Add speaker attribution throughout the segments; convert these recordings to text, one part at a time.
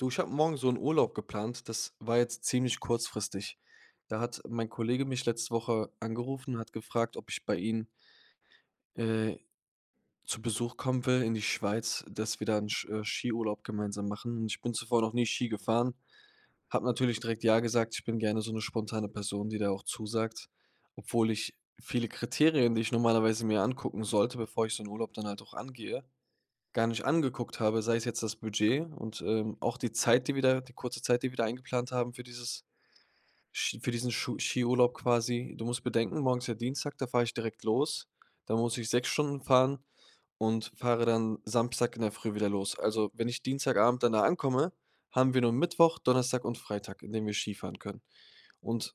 Speaker 1: Du, ich habe morgen so 'n Urlaub geplant, das war jetzt ziemlich kurzfristig. Da hat mein Kollege mich letzte Woche angerufen und hat gefragt, ob ich bei ihnen äh, zu Besuch kommen will in die Schweiz, dass wir da 'n Sk äh, Skiurlaub gemeinsam machen. Und ich bin zuvor noch nie Ski gefahren, habe natürlich direkt ja gesagt. Ich bin gerne so 'ne spontane Person, die da auch zusagt, obwohl ich viele Kriterien, die ich normalerweise mir angucken sollte, bevor ich so 'n Urlaub dann halt auch angehe, gar nicht angeguckt habe, sei es jetzt das Budget und, ähm, auch die Zeit, die wir da die kurze Zeit, die wir da eingeplant haben für dieses Sch für diesen Schu Skiurlaub, quasi. Du musst bedenken, morgen ist ja Dienstag, da fahre ich direkt los. Da muss ich 6 Stunden fahren und fahre dann Samstag in der Früh wieder los. Also, wenn ich Dienstagabend dann da ankomme, haben wir nur Mittwoch, Donnerstag und Freitag, in denen wir Skifahren können. Und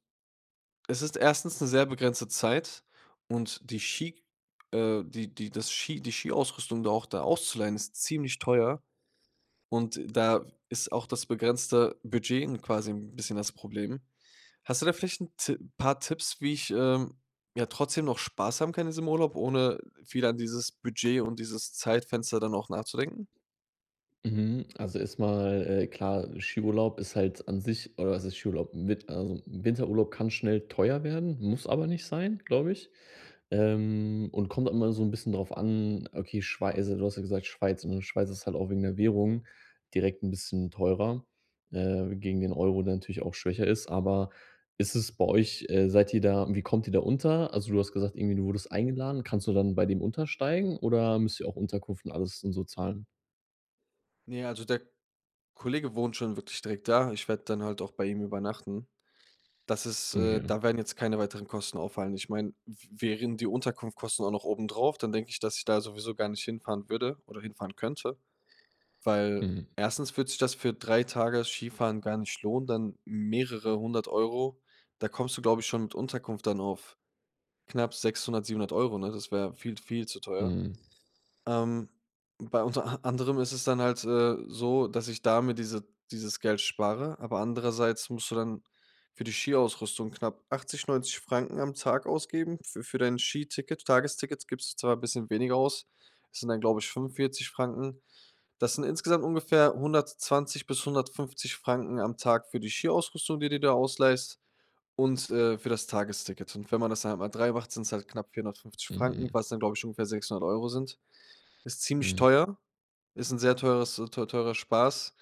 Speaker 1: es ist 1. 'ne sehr begrenzte Zeit und die Ski, äh die die das Ski die Skiausrüstung da auch da auszuleihen, ist ziemlich teuer. Und da ist auch das begrenzte Budget 'n quasi 'n bisschen das Problem. Hast du da vielleicht 'n Ti paar Tipps, wie ich, ähm, ja, trotzdem noch Spaß haben kann in diesem Urlaub, ohne viel an dieses Budget und dieses Zeitfenster dann auch nachzudenken?
Speaker 2: Mhm, also, erst mal, äh, klar, Skiurlaub ist halt an sich oder was heißt Skiurlaub? Mit also, 'n Winterurlaub kann schnell teuer werden, muss aber nicht sein, glaube ich. Ähm, und kommt immer so 'n bisschen drauf an, okay, Schwei also, du hast ja gesagt, Schweiz, und Schweiz ist halt auch wegen der Währung direkt 'n bisschen teurer, äh, gegen den Euro, der natürlich auch schwächer ist. Aber ist es bei euch äh, seid ihr da und wie kommt ihr da unter? Also, du hast gesagt, irgendwie du wurdest eingeladen. Kannst du dann bei dem untersteigen oder müsst ihr auch Unterkunft und alles dann so zahlen?
Speaker 1: Ne, also der Kollege wohnt schon wirklich direkt da. Ich werde dann halt auch bei ihm übernachten. Das ist
Speaker 2: Oh,
Speaker 1: äh,
Speaker 2: ja.
Speaker 1: da werden jetzt keine weiteren Kosten auffallen. Ich mein, w wären die Unterkunftkosten auch noch obendrauf, dann denke ich, dass ich da sowieso gar nicht hinfahren würde oder hinfahren könnte. Weil,
Speaker 2: Mhm.
Speaker 1: 1. würde sich das für 3 Tage Skifahren gar nicht lohnen, dann mehrere 100 €. Da kommst du, glaube ich, schon mit Unterkunft dann auf knapp 600, 700 €, ne? Das wäre viel, viel zu teuer.
Speaker 2: Mhm.
Speaker 1: Ähm, bei unter a anderem ist es dann halt, äh, so, dass ich da mir diese dieses Geld spare, aber andererseits musst du dann für die Skiausrüstung knapp 80, 90 CHF am Tag ausgeben, für für dein Skiticket, Tagestickets gibst du zwar bisschen weniger aus. Es sind dann, glaube ich, 45 CHF. Das sind insgesamt ungefähr 120 bis 150 CHF am Tag für die Skiausrüstung, die du dir ausleihst und, äh, für das Tagesticket. Und wenn man das halt mal 3 macht, sind's halt knapp 450 CHF,
Speaker 2: Mhm.
Speaker 1: was dann, glaube ich, ungefähr 600 € sind. Ist ziemlich
Speaker 2: Mhm.
Speaker 1: teuer. Ist 'n sehr teures teu teurer Spaß.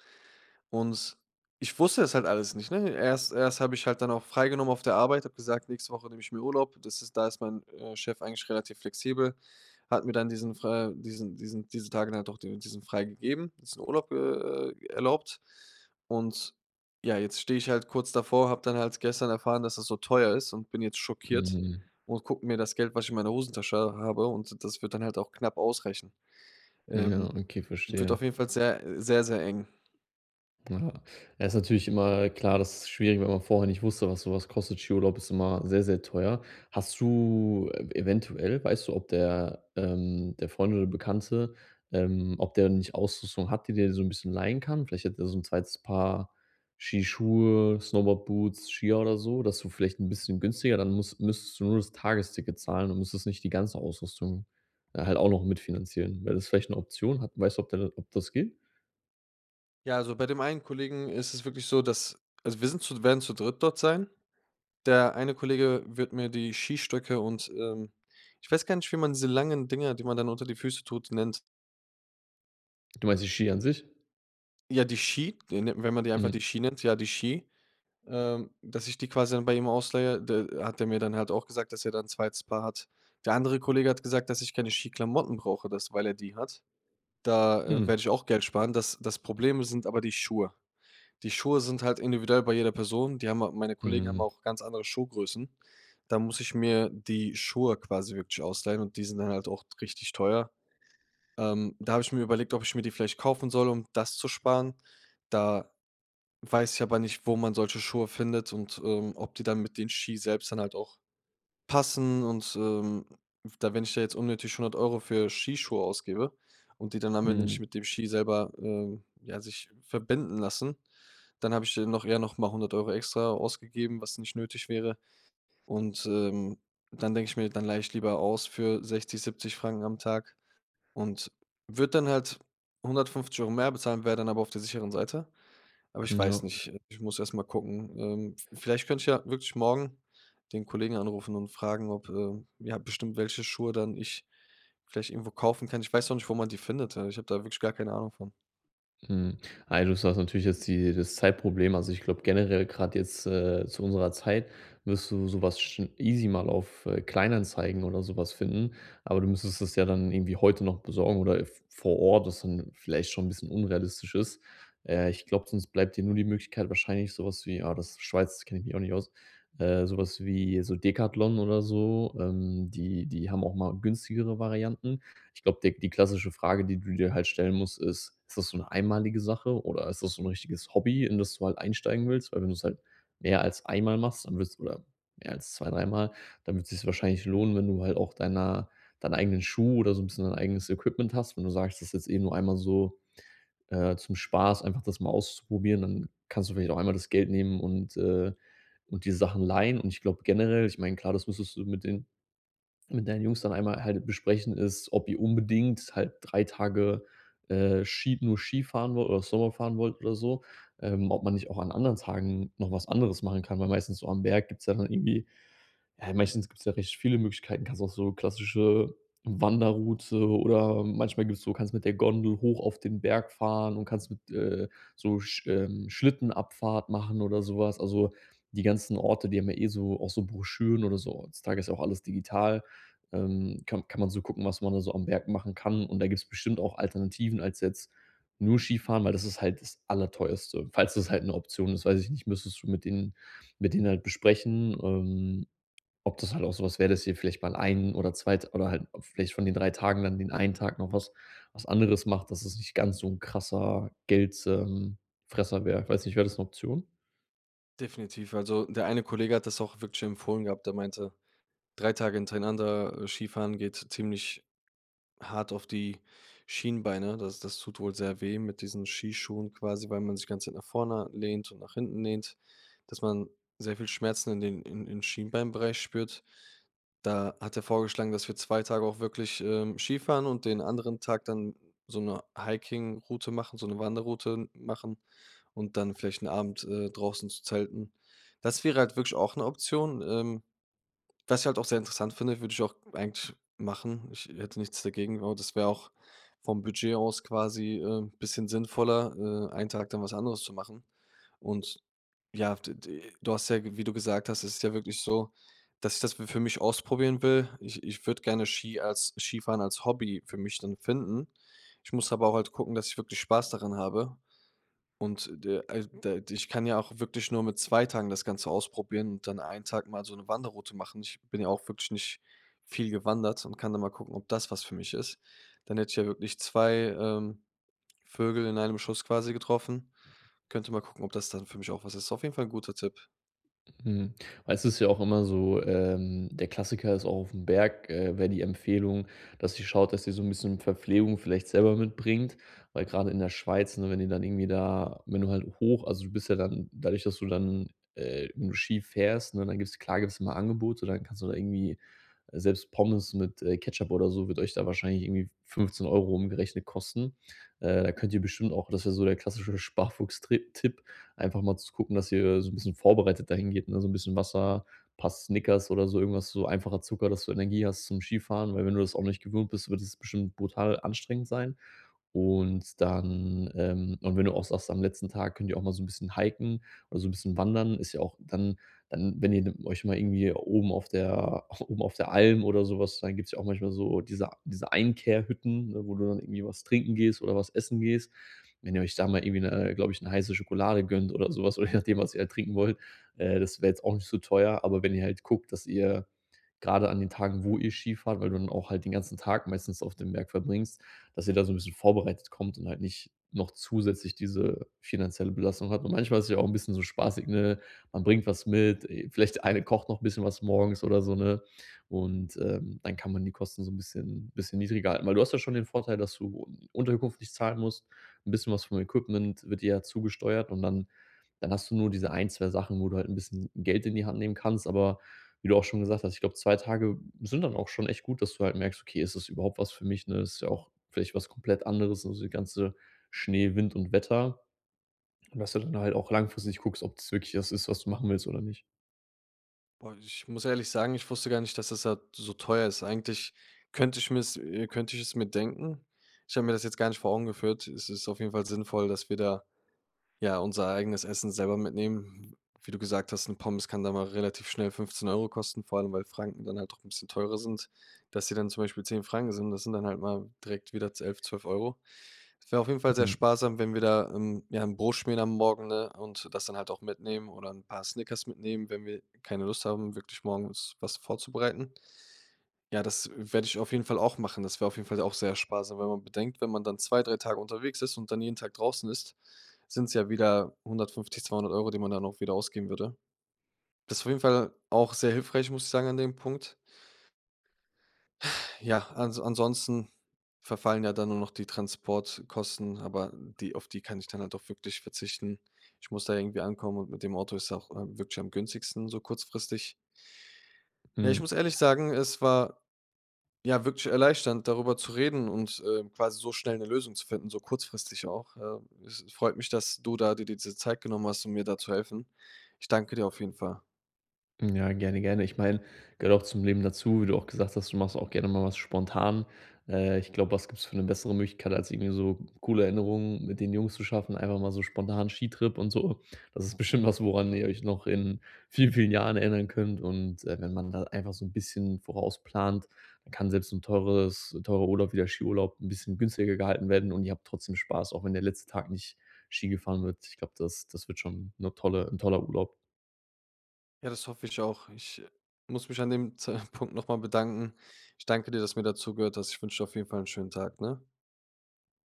Speaker 1: Und s ich wusste es halt alles nicht, ne? Erst erst habe ich halt dann auch freigenommen auf der Arbeit, habe gesagt, nächste Woche nehme ich mir Urlaub. Das ist da ist mein, äh, Chef eigentlich relativ flexibel, hat mir dann diesen fr äh diesen diesen diese Tage dann doch diesen freigegeben. Diesen Urlaub, äh, äh, erlaubt. Und ja, jetzt stehe ich halt kurz davor, habe dann halt gestern erfahren, dass das so teuer ist und bin jetzt schockiert
Speaker 2: Mhm.
Speaker 1: und gucke mir das Geld, was ich in meiner Hosentasche habe. Und das wird dann halt auch knapp ausreichen.
Speaker 2: Mhm, ja,
Speaker 1: Ähm.
Speaker 2: okay,
Speaker 1: Wird
Speaker 2: verstehe.
Speaker 1: auf jeden Fall sehr sehr, sehr eng.
Speaker 2: Ja, es ist natürlich immer klar das ist schwierig, wenn man vorher nicht wusste, was sowas kostet. Skiurlaub ist immer sehr sehr teuer. Hast du e eventuell weißt du, ob der, ähm der Freund oder Bekannte, ähm ob der nicht Ausrüstung hat, die der dir so 'n bisschen leihen kann? Vielleicht hat er so 'n 2. Paar Skischuhe, Snowboard-Boots, Skier oder so, dass du vielleicht 'n bisschen günstiger, dann muss müsstest du nur das Tagesticket zahlen und musst jetzt nicht die ganze Ausrüstung halt auch noch mitfinanzieren. Wäre das vielleicht 'ne Option? Hat weißt du, ob der ob das geht?
Speaker 1: Ja, also bei dem einen Kollegen ist es wirklich so, dass also wir sind zu werden zu dritt dort sein. Der eine Kollege wird mir die Skistöcke und, ähm ich weiß gar nicht, wie man diese langen Dinger, die man dann unter die Füße tut, nennt.
Speaker 2: Du meinst die Skier an sich?
Speaker 1: Ja, die Ski, die wenn man die einfach
Speaker 2: Mhm.
Speaker 1: die Ski nennt ja, die Ski, ähm, dass ich die quasi dann bei ihm ausleihe, der hat der mir dann halt auch gesagt, dass er da 'n 2. Paar hat. Der andere Kollege hat gesagt, dass ich keine Ski-Klamotten brauche, das weil er die hat. Da
Speaker 2: Mhm.
Speaker 1: werde ich auch Geld sparen. Das das Problem sind aber die Schuhe. Die Schuhe sind halt individuell bei jeder Person, die haben meine Kollegen haben
Speaker 2: Mhm.
Speaker 1: auch ganz andere Schuhgrößen, da muss ich mir die Schuhe quasi wirklich ausleihen, und die sind dann halt auch richtig teuer. Ähm, da hab ich mir überlegt, ob ich mir die vielleicht kaufen soll, um das zu sparen. Da weiß ich aber nicht, wo man solche Schuhe findet und, ähm, ob die dann mit den Ski selbst dann halt auch passen. Und, ähm, da wenn ich da jetzt unnötig 100 € für Skischuhe ausgebe und die dann am Ende
Speaker 2: Mhm.
Speaker 1: nicht mit dem Ski selber, ähm, ja, sich verbinden lassen, dann habe ich dann eher noch mal 100 € extra ausgegeben, was nicht nötig wäre. Und, ähm, dann denke ich mir: „Dann leihe ich lieber aus für 60 CHF, 70 CHF am Tag und würde dann halt 150 € mehr bezahlen, wäre dann aber auf der sicheren Seite. Aber ich
Speaker 2: M
Speaker 1: weiß
Speaker 2: Ja.
Speaker 1: nicht. Ich muss erst mal gucken. Ähm, v vielleicht könnte ich ja wirklich morgen den Kollegen anrufen und fragen, ob, äh ja, bestimmt welche Schuhe dann ich vielleicht irgendwo kaufen kann. Ich weiß auch nicht, wo man die findet, hey, ich habe da wirklich gar keine Ahnung von.
Speaker 2: Mhm. Ey, du hast jetzt natürlich die das Zeitproblem. Also ich glaube generell grad jetzt, äh, zu unserer Zeit, wirst du so was schon easy mal auf, äh, Kleinanzeigen oder so was finden, aber du müsstest es ja dann irgendwie heute noch besorgen oder, äh, v vor Ort, was dann vielleicht schon 'n bisschen unrealistisch ist. Äh, ich glaube, sonst bleibt dir nur die Möglichkeit wahrscheinlich so was wie ah, das ist Schweiz, da kenne ich mich auch nicht aus, äh, so was wie so Decathlon oder so. Ähm, die die haben auch mal günstigere Varianten. Ich glaube, der die klassische Frage, die du dir halt stellen musst, ist: Ist das so 'ne einmalige Sache, oder ist das so 'n richtiges Hobby, in das du halt einsteigen willst? Weil wenn du's halt mehr als einmal machst, dann willst oder mehr als zwei, dreimal, dann wird's sich's wahrscheinlich lohnen, wenn du halt auch deiner deine eigenen Schuh oder so 'n bisschen dein eigenes Equipment hast. Wenn du sagst, das ist jetzt eh nur einmal so, äh, zum Spaß, einfach das mal auszuprobieren, dann kannst du vielleicht auch einmal das Geld nehmen und, äh und die Sachen leihen. Und ich glaube generell ich meine, klar, das müsstest du mit den mit deinen Jungs dann einmal halt besprechen ist, ob ihr unbedingt halt 3 Tage, äh, Ski nur Skifahren wollt oder Snowboard fahren wollt, oder so, ähm, ob man nicht auch an anderen Tagen noch was anderes machen kann. Weil meistens so am Berg gibt's ja dann irgendwie ja, meistens gibt's ja recht viele Möglichkeiten. Du kannst auch so klassische Wanderroute oder manchmal gibt's so kannst du mit der Gondel hoch auf den Berg fahren und kannst mit, äh, so Sch ähm, Schlittenabfahrt machen oder so was. Also, die ganzen Orte, die haben ja eh so auch so Broschüren oder so. Heutzutage ist auch alles digital, ähm, kann kann man so gucken, was man da so am Berg machen kann. Und da gibt's bestimmt auch Alternativen als jetzt nur Skifahren, weil das ist halt das Allerteuerste. Falls das halt 'ne Option ist, weiß ich nicht, müsstest du mit denen mit denen halt besprechen, ähm, ob das halt auch so was wäre, dass ihr vielleicht mal einen oder 2 oder halt vielleicht von den 3 Tagen dann den einen Tag noch was was anderes macht, dass es nicht ganz so 'n krasser Geld, ähm Fresser wäre. Ich weiß nicht, wäre das 'ne Option?
Speaker 1: Definitiv. Also, der eine Kollege hat das auch wirklich empfohlen gehabt. Der meinte, 3 Tage hintereinander, äh, Skifahren geht ziemlich hart auf die Schienbeine. Das das tut wohl sehr weh mit diesen Skischuhen quasi, weil man sich ganze Zeit nach vorne lehnt und nach hinten lehnt, dass man sehr viel Schmerzen in den im im Schienbeinbereich spürt. Da hat er vorgeschlagen, dass wir 2 Tage auch wirklich, ähm, Skifahren und den anderen Tag dann so 'ne Hiking-Route machen so 'ne Wanderroute machen und dann vielleicht 'n Abend, äh, draußen zu zelten. Das wäre halt wirklich auch 'ne Option, ähm, was ich halt auch sehr interessant finde, würde ich auch eigentlich machen. Ich hätte nichts dagegen, genau, das wäre auch vom Budget aus quasi, äh, bisschen sinnvoller, äh, einen Tag dann was anderes zu machen. Und, ja, d d du hast ja, wie du gesagt hast es ist ja wirklich so, dass ich das für mich ausprobieren will. Ich ich würde gerne Ski als Skifahren als Hobby für mich dann finden. Ich muss aber auch halt gucken, dass ich wirklich Spaß daran habe. Und, de äh, d ich kann ja auch wirklich nur mit 2 Tagen das Ganze ausprobieren und dann einen Tag mal so 'ne Wanderroute machen. Ich bin ja auch wirklich nicht viel gewandert und kann dann mal gucken, ob das was für mich ist. Dann hätte ich ja wirklich 2, ähm, Vögel in einem Schuss quasi getroffen. Könnte mal gucken, ob das dann für mich auch was ist. Auf jeden Fall 'n guter Tipp.
Speaker 2: Mhm. Meistens ist ja auch immer so ähm, der Klassiker ist auch auf 'm Berg äh, wäre die Empfehlung, dass ihr schaut, dass ihr so 'n bisschen Verpflegung vielleicht selber mitbringt, weil gerade in der Schweiz, ne, wenn ihr dann irgendwie da wenn du halt hoch also du bist ja dann dadurch, dass du dann, äh, nur Ski fährst, ne, dann gibt's klar gibt's immer Angebote, dann kannst du da irgendwie selbst Pommes mit, äh, Ketchup oder so, wird euch da wahrscheinlich irgendwie 15 € umgerechnet kosten. Äh, da könnt ihr bestimmt auch das ist ja so der klassische Sparfuchs-Trip Tipp, einfach mal zu gucken, dass ihr so 'n bisschen vorbereitet dahingeht, ne, so 'n bisschen Wasser, paar Snickers oder so irgendwas, so einfacher Zucker, dass du Energie hast zum Skifahren, weil wenn du das auch nicht gewöhnt bist, wird es bestimmt brutal anstrengend sein. Und dann, ähm und wenn du auch sagst, am letzten Tag könnt ihr auch mal so 'n bisschen hiken oder so n bisschen wandern, ist ja auch dann dann, wenn ihr, ne, euch mal irgendwie oben auf der oben auf der Alm oder so was dann gibt's ja auch manchmal so diese diese Einkehr-Hütten, ne, wo du dann irgendwie was trinken gehst oder was essen gehst. Wenn ihr euch da mal irgendwie 'ne, äh, glaube ich, 'ne heiße Schokolade gönnt oder so was oder je nachdem, was ihr da trinken wollt, äh, das wäre jetzt auch nicht so teuer. Aber, wenn ihr halt guckt, dass ihr gerade an den Tagen, wo ihr Ski fahrt, weil du dann auch halt den ganzen Tag meistens auf dem Berg verbringst dass ihr da so 'n bisschen vorbereitet kommt und halt nicht noch zusätzlich diese finanzielle Belastung habt. Und, manchmal ist es ja auch 'n bisschen so spaßig, ne? Man bringt was mit, äh, vielleicht der eine kocht noch 'n bisschen was morgens oder so, ne? Und, ähm, dann kann man die Kosten so 'n bisschen bisschen niedriger halten, weil du hast ja schon den Vorteil, dass du Unterkunft nicht zahlen musst. 'N bisschen was vom Equipment wird dir ja zugesteuert, und dann dann hast du nur diese ein, 2 Sachen, wo du halt 'n bisschen Geld in die Hand nehmen kannst. Aber, wie du auch schon gesagt hast, ich glaube, 2 Tage sind dann auch schon echt gut, dass du halt merkst: „Okay, ist das überhaupt was für mich“, ne? Ist ja auch vielleicht was komplett anderes, also die ganze Schnee, Wind und Wetter. Dass du dann halt auch langfristig guckst, ob das wirklich das ist, was du machen willst oder nicht.
Speaker 1: Boah, ich muss ehrlich sagen, ich wusste gar nicht, dass das da so teuer ist. Eigentlich könnte ich mir es, äh könnte ich es mir denken. Ich habe mir das jetzt gar nicht vor Augen geführt. Es ist auf jeden Fall sinnvoll, dass wir da, ja, unser eigenes Essen selber mitnehmen. W wie du gesagt hast, 'ne Pommes kann da mal relativ schnell 15 € kosten, vor allem weil Franken dann halt doch 'n bisschen teurer sind, dass sie dann zum Beispiel 10 CHF Franken sind. Das sind dann halt mal direkt wieder 11, 12 €. Es wäre auf jeden Fall sehr
Speaker 2: Mhm.
Speaker 1: sparsam, wenn wir da, ähm, ja, 'n Brot schmieren am Morgen, ne, und das dann halt auch mitnehmen oder 'n paar Snickers mitnehmen, wenn wir keine Lust haben wirklich morgens was vorzubereiten. Ja, das werde ich auf jeden Fall auch machen. Das wäre auf jeden Fall auch sehr sparsam, weil man bedenkt, wenn man dann 2, 3 Tage unterwegs ist und dann jeden Tag draußen ist, sind es ja wieder 150, 200 €, die man dann auch wieder ausgeben würde. Das ist auf jeden Fall auch sehr hilfreich, muss ich sagen an dem Punkt. Ja, an ansonsten verfallen ja dann nur noch die Transportkosten, aber die auf die kann ich dann halt auch wirklich verzichten. Ich muss da irgendwie ankommen und mit dem Auto ist auch, ähm, wirklich am günstigsten, so kurzfristig. Ja, ich
Speaker 2: Mhm.
Speaker 1: muss ehrlich sagen, es war, ja, wirklich erleichternd, darüber zu reden und, ähm, quasi so schnell 'ne Lösung zu finden, so kurzfristig auch. Äh. Es es freut mich, dass du da d dir diese Zeit genommen hast, um mir da zu helfen. Ich danke dir auf jeden Fall.
Speaker 2: Mhm, ja, gerne, gerne. Ich meine, gehört auch zum Leben dazu, wie du auch gesagt hast, du machst auch gerne mal was spontan. Äh, ich glaube, was gibt's für 'ne bessere Möglichkeit, als irgendwie so coole Erinnerungen mit den Jungs zu schaffen, einfach mal so spontan Skitrip und so. Das ist bestimmt was, woran ihr euch noch in vielen, vielen Jahren erinnern könnt. Und, äh, wenn man da einfach so 'n bisschen vorausplant, dann kann selbst 'n teures teurer Urlaub, wie der Skiurlaub 'n bisschen günstiger gehalten werden und ihr habt trotzdem Spaß, auch wenn der letzte Tag nicht Ski gefahren wird. Ich glaube, das das wird schon 'ne tolle 'n toller Urlaub.
Speaker 1: Ja, das hoffe ich auch. Ich muss mich an dem Z Punkt noch mal bedanken. Ich danke dir, dass du mir da zugehört hast. Ich wünsche dir auf jeden Fall 'n schönen Tag, ne?